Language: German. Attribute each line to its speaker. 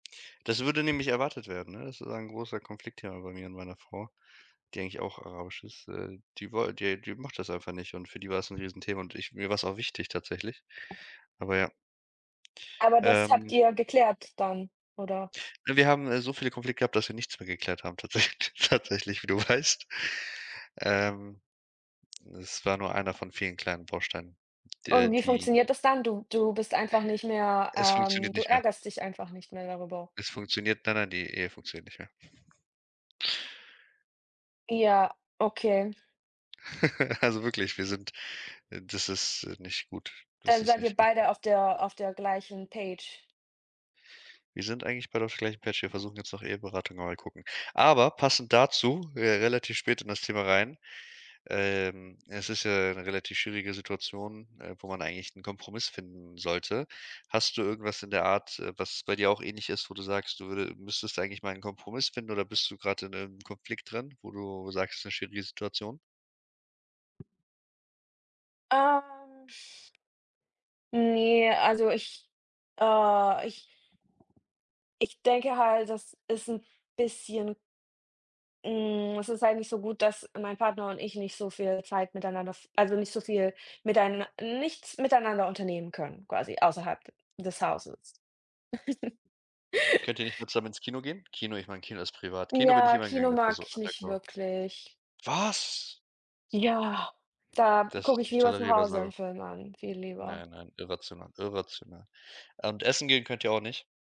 Speaker 1: Das würde nämlich erwartet werden, ne? Das ist ein großer Konflikt hier bei mir und meiner Frau, die eigentlich auch rausch ist. Äh, die wol die die macht das einfach nicht und für die war es ’n Riesenthema und ich mir war es auch wichtig tatsächlich. Aber ja.
Speaker 2: Aber das habt
Speaker 1: Ähm.
Speaker 2: ihr ja geklärt dann oder?
Speaker 1: Äh, wir haben so viele Konflikte gehabt, dass wir nichts mehr geklärt haben tatsäch tatsächlich, wie du weißt. Ähm, es war nur 1 von vielen kleinen Bausteinen,
Speaker 2: Und
Speaker 1: der
Speaker 2: wie
Speaker 1: die
Speaker 2: funktioniert das dann? Du du bist einfach nicht mehr
Speaker 1: Es funktioniert
Speaker 2: ähm, du
Speaker 1: nicht mehr.
Speaker 2: ärgerst dich einfach nicht mehr darüber.
Speaker 1: Es funktioniert nein, nein, die Ehe funktioniert nicht mehr.
Speaker 2: Ja, okay.
Speaker 1: Also wirklich, wir sind das ist, äh, nicht gut. Das
Speaker 2: Dann
Speaker 1: ist
Speaker 2: seid ihr
Speaker 1: nicht okay.
Speaker 2: beide auf der auf der gleichen Page?
Speaker 1: Wir sind eigentlich beide auf der gleichen Page. Wir versuchen jetzt noch Eheberatung, aber mal gucken. Aber passend dazu re relativ spät in das Thema rein ähm, es ist ja 'ne relativ schwierige Situation, äh, wo man eigentlich 'n Kompromiss finden sollte. Hast du irgendwas in der Art, äh, was bei dir auch ähnlich ist, wo du sagst, du würde müsstest eigentlich mal 'n Kompromiss finden, oder bist du grad in 'nem Konflikt drin, wo du sagst, das ist 'ne schwierige Situation?
Speaker 2: Ähm, ne, also ich, äh, ich ...ich denke halt, das ist 'n bisschen hm, es ist eigentlich so gut, dass mein Partner und ich nicht so viel Zeit miteinander v also nicht so viel miteinan nichts miteinander unternehmen können quasi außerhalb d des Hauses. r
Speaker 1: Könnt ihr nicht mal zusammen ins Kino gehen? Kino ich meine Kino ist privat. Kino bin ich
Speaker 2: Ja,
Speaker 1: immer gegangen,
Speaker 2: Kino
Speaker 1: das war
Speaker 2: mag
Speaker 1: so
Speaker 2: ich nicht
Speaker 1: undercover.
Speaker 2: wirklich.
Speaker 1: Was?
Speaker 2: Ja, da
Speaker 1: Dass
Speaker 2: gucke
Speaker 1: ist
Speaker 2: ich
Speaker 1: nicht
Speaker 2: lieber zu
Speaker 1: tolerierbar
Speaker 2: Hause
Speaker 1: so.
Speaker 2: 'n Film an viel lieber.
Speaker 1: Nein, nein, irrational, irrational. Und Essen gehen könnt ihr auch nicht?